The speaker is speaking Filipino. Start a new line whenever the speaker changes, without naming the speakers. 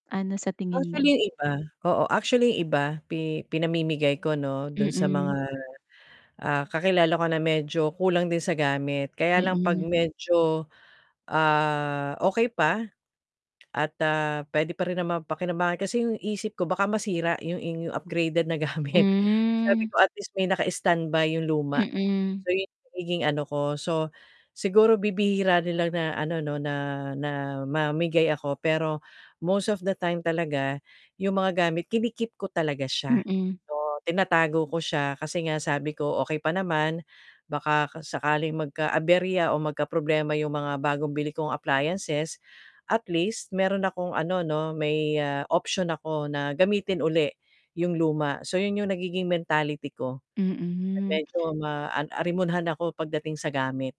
Ano sa tingin
Actually,
mo?
yung iba oo, actually yung iba pi pinamimigay ko 'no, dun sa mga,
Mm.
ah, kakilala ko na medyo kulang din sa gamit kaya lang 'pag
Mm.
medyo, ah, okey pa at, ah, p'wede pa rin naman pakinabangan. Kasi yung isip ko baka masira yung yung upgraded na gamit so, sabi
Hmm.
ko at least may naka-stand by yung luma.
Mm.
So, yung nagiging ano ko, so, siguro bibihira nila na ano 'no, na na mamigay ako, pero most of the time talaga, 'yong mga gamit kini-keep ko talaga siya,
Mm.
o, tinatago ko siya kasi nga sabi ko okey pa naman, baka sakaling magka-aberya o magkaproblema 'yong mga bagong bili kong appliances, at least meron akong ano 'no, may, ah, option ako na gamitin uli 'yong luma. So, 'yon 'yong nagiging mentality ko,
Mm.
medyo ma an arimunhan ako pagdating sa gamit.